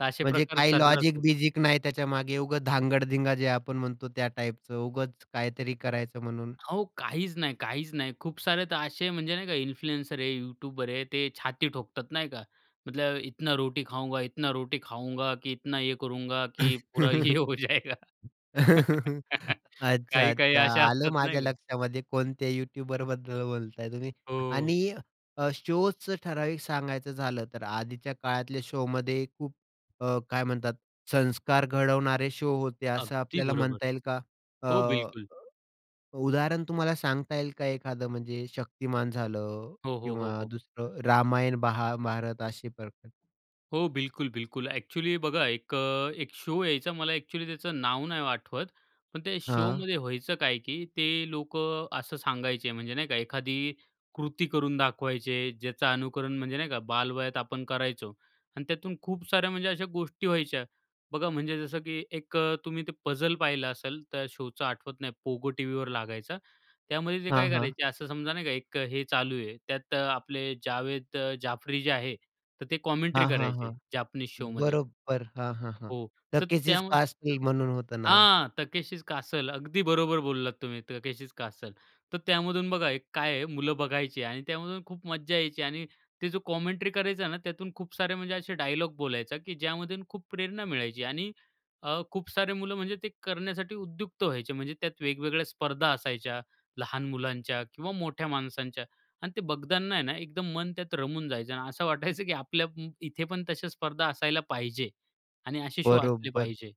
तर असे म्हणजे प्रकार काही सर्रास होत लॉजिक-बिजिक नाही त्याच्यामागे. उगाच धांगडधिंगा जे आपण म्हणतो त्या टाइपचं उगाच काहीतरी करायचं म्हणून. अहो काहीच नाही, काहीच नाही. खूप सारे तर असे म्हणजे नाही का? इन्फ्लुएन्सर आहे यूट्यूबर आहे, ते छाती ठोकतात, नाही का, मतलब इतना रोटी खाऊंगा, इतना रोटी खाऊंगा, की इतना ये करूंगा की पुरा ये हो जायेगा. काही-काही अच्छा-अच्छा. अशा आलं असतात, माझ्या नाही का? लक्षामध्ये कोणत्या यूट्यूबरबद्दल बोलताय तुम्ही. हो. आणि अ, शोचं ठराविक सांगायचं झालं तर आधीच्या काळातल्या शोमध्ये खूप अ, काय म्हणतात संस्कार घडवणारे शो होते, असं अगदी आपल्याला बरोबर. म्हणता येईल का? हो अ, बिलकुल. उदाहरण तुम्हाला सांगता येईल का एखादं म्हणजे शक्तिमान झालं हो, हो, हो, किंवा हो. दुसरं रामायण, महाभारत असे प्रकार? हो बिलकुल-बिलकुल. ॲक्चुअली बघा एक अ, एक शो यायचा मला ॲक्चुअली त्याचं नाव नाही आठवत. पण ते हां. शोमध्ये व्हायचं काय की ते लोक असं सांगायचे म्हणजे नाही का एखादी कृती करून दाखवायची आहे, ज्याचं अनुकरण म्हणजे नाही का बालवयात आपण करायचो. आणि त्यातून खूप साऱ्या म्हणजे अशा गोष्टी व्हायच्या. बघा म्हणजे जसं की एक अ, तुम्ही ते पझल पाहिलं असेल तर शोचं आठवत नाही Pogo TVवर लागायचा. त्यामध्ये ते हां, काय हां. करायचे असं समजा नाही का एक अ, हे चालू आहे. त्यात अ, आपले जावेद अ, जाफरी जे आहे. तर ते कमेंट्री हां, हां, हां. करायचे जापनीज शोमध्ये. बरोबर. हां, हां, हां. हो, तर Takeshi's त्यामध्ये Castle म्हणून होतं नाव. हां. Takeshi's Castle. अगदी बरोबर बोललात तुम्ही, Takeshi's Castle. तर त्यामधून बघा एक काय आहे मुलं बघायची आणि त्यामधून खूप मज्जा यायची आणि ते जो कॉमेंट्री करायचा ना त्यातून खूप सारे म्हणजे असे डायलॉग बोलायचा की ज्यामधून खूप प्रेरणा मिळायची आणि अ, खूप सारे मुलं म्हणजे ते करण्यासाठी उद्युक्त व्हायचे. म्हणजे त्यात वेगवेगळ्या स्पर्धा असायच्या. लहान मुलांच्या किंवा मोठ्या माणसांच्या आणि ते बघताना आहे ना एकदम मन त्यात रमून जायचं. अन असं वाटायचं की आपल्या इथे पण तशा स्पर्धा असायला पाहिजे आणि असे शो असले बरोबर. पाहिजे.